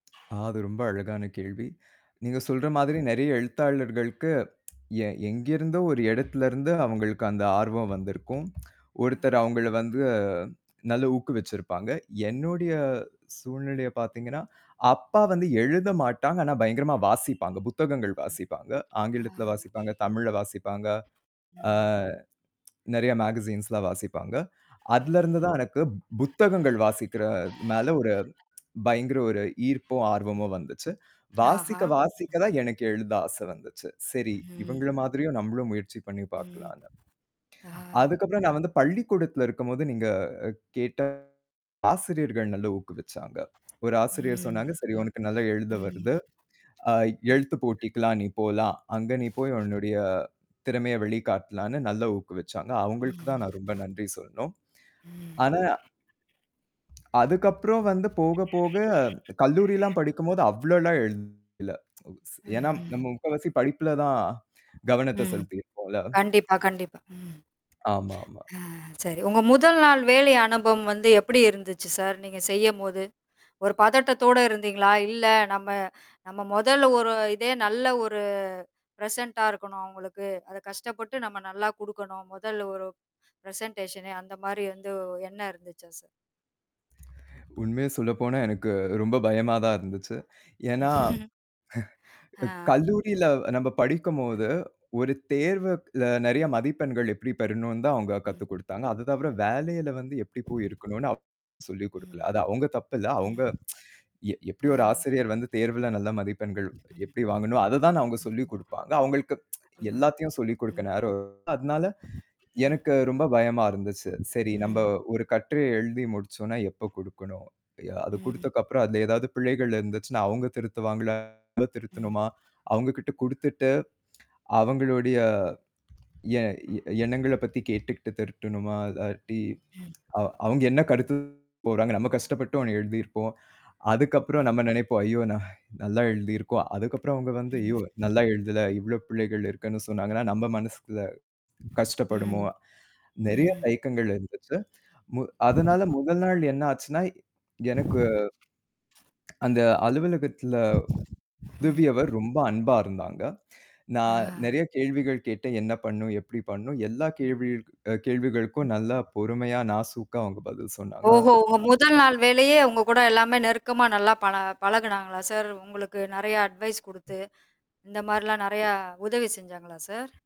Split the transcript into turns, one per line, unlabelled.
அது ரொம்ப அழகான கேள்வி. நீங்கச் சொல்ற மாதிரி நிறைய எழுத்தாளர்களுக்கு எ எங்கிருந்தோ ஒரு இடத்திலிருந்து அவுங்களுக்கு அந்த ஆர்வம் வந்திருக்கும் ஒருத்தர் அவுங்கள வந்து நல்ல ஊக்கு வச்சிருப்பாங்க. என்னுடைய சூழ்நிலையப் பார்த்தீங்கன்னா, அப்பா வந்து எழுத மாட்டாங்க. ஆனா பயங்கரமா வாசிப்பாங்க. புத்தகங்கள்
ம்.
வாசிப்பாங்க. ஆங்கிலத்துல
[unintelligible]
வாசிப்பாங்க. தமிழ்ல வாசிப்பாங்க. ஆ,
ம்.
நிறைய மெகசீன்ஸ்லா வாசிப்பாங்க. அதுல இருந்து தான் எனக்குப் புத்தகங்கள் வாசிக்கிற மேல ஒரு பயங்கர ஒரு ஈர்ப்பும், ஆர்வமும் வந்துச்சு.
ஆஹா.
வாசிக்க, வாசிக்க தான் எனக்கு எழுத ஆசை வந்துச்சு. சரி,
ம்.
இவங்கள மாதிரியும் நம்மளும் முயற்சி பண்ணி
ம்.
பார்க்கலான்னு.
ஆ.
அதுக்கப்புறம் நான் வந்து பள்ளிக்கூடத்துல இருக்கும்போது நீங்கக் கேட்ட ஆசிரியர்கள் நல்ல ஊக்கு வச்சாங்க. ஒரு ஆசிரியர்
ம்
சொன்னாங்க. சரி, உனக்கு நல்லா எழுத
ம்.
வருது. ஆ எழுத்துப்போட்டிக்கு எல்லாம் நீ போலாம். அங்க நீ போய் உன்னுடைய திறமைய வெளிக்காட்டலாம்னு நல்ல ஊக்கு வச்சாங்க. அவங்களுக்கு
ம்
தான் நான் ரொம்ப நன்றி சொல்லணும்.
ம்.
ஆனா அதுக்கப்புறம் வந்து போக, போக கல்லூரி எல்லாம் படிக்கும்போது அவ்ளோ எல்லாம் எழுதல. ஸ்
ம்.
ஏன்னா
ம்.
நம்ம முக்காவாசி படிப்புல தான் கவனத்த
ம்.
செலுத்தியிருப்போம்ல.
கண்டிப்பா, கண்டிப்பா ம்.
ஆமா. ஆமா.
அ சரி உங்க முதல் நாள் வேலை அனுபவம் வந்து எப்பிடி இருந்துச்சு சார்? நீங்கச் செய்யும்போது. ஒரு பதட்டத்தோட இருந்தீங்களா? இல்ல நம்ம நம்ம முதல் ஒரு இதே நல்ல ஒரு ப்ரெசென்ட்டா இருக்கணும் அவுங்களுக்கு. அதக் கஷ்டப்பட்டு நம்ம நல்லா குடுக்கணும். முதல் ஒரு ப்ரெசண்டேஷன்னு அந்தமாரி வந்து என்ன இருந்துச்சா சார்?
உண்மைய சொல்லப்போனா, எனக்கு ரொம்ப பயமாதான் இருந்துச்சு. ஏன்னா,
ஆ.
க கல்லூரியில நம்ம படிக்கும்போது
[unintelligible]
ஒரு தேர்வுல அ நிறைய
ம்.
மதிப்பெண்கள் எப்பிடி பெறணுன்னு தான் அவுங்க கத்து
ம்.
கொடுத்தாங்க. அது தவிர வேலையில வந்து எப்பிடி போய் இருக்கணுன்னு அப் சொல்லிக் கொடுக்கல.
ம்,
அது அவுங்க தப்பு இல்ல. அவுங்க
ம்.
எப் எப்பிடி ஒரு
ஆ.
ஆசிரியர் வந்து தேர்வுல நல்ல மதிப்பெண்கள் எப்பிடி வாங்கணும், அதத் தான் அவுங்க சொல்லிக் கொடுப்பாங்க. அவுங்களுக்கு
ஆமா.
எல்லாத்தையும் சொல்லிக் கொடுக்க
ம்.
நேரம் அதனால
ம்.
எனக்கு ரொம்ப பயமா இருந்துச்சு. சரி நம்ம
ம்.
ஒரு கட்டுரை எழுதி முடிச்சோன்னா எப்ப குடுக்கணும்? ய அதக் குடுத்த
ம்.
அப்புறம் அதுல ஏதாவது பிழைகள் இருந்துச்சுன்னா, அவுங்க திருத்துவாங்களா? நம்ம
ம்.
திருத்தணுமா? அவுங்ககிட்ட குடுத்துட்டு அவுங்களுடைய எ எண்ணங்களப் பத்தி கேட்டுட்டு திருத்தணுமா இல்லாட்டி,
ம்.
அ, அவுங் அவுங்க என்ன கருத்து கூறாங்க. நம்ம கஷ்டப்பட்டு ஒன்னு எழுதி இருப்போம். அதுக்கப்புறம்
ம்.
நம்ம நினைப்போம். ஐயோ! நான் நல்லா எழுதி இருக்கோம். அதுக்கப்புறம் அவுங்க வந்து
ம்,
ஐயோ!
ம்
நல்லா எழுதல. இவ்ளோ பிழைகள் இருக்குன்னு சொன்னாங்கனா, நம்ம மனசுல
ம்.
கஷ்டப்படுவோமா? நிறைய
ம்.
தயக்கங்கள் இருந்துச்சு. மு அதனால முதல் நாள் என்ன ஆச்சுன்னா எனக்கு அந்த அலுவலகத்துல
ம்.
உதவியவர் ரொம்ப அன்பா இருந்தாங்க. நான்
ஆ.
நிறைய கேள்விகள் கேட்டேன். என்ன பண்ணும், எப்பிடி பண்ணும்? எல்லா கேள்விகளுக் கேள்விகளுக்கும் அ நல்லா பொறுமையா நாசூக்கா அவுங்க பதில்
ஓஹோ! உங்க
சொன்னாங்க.
முதல் நாள் வேலையே உங்ககூட எல்லாமே நெருக்கமா நல்லா பழ பழகுனாங்களா சார்? உங்களுக்கு நிறைய அட்வைஸ் கொடுத்து, இந்தமாரில்லாம் நிறைய உதவி செஞ்சாங்களா சார்?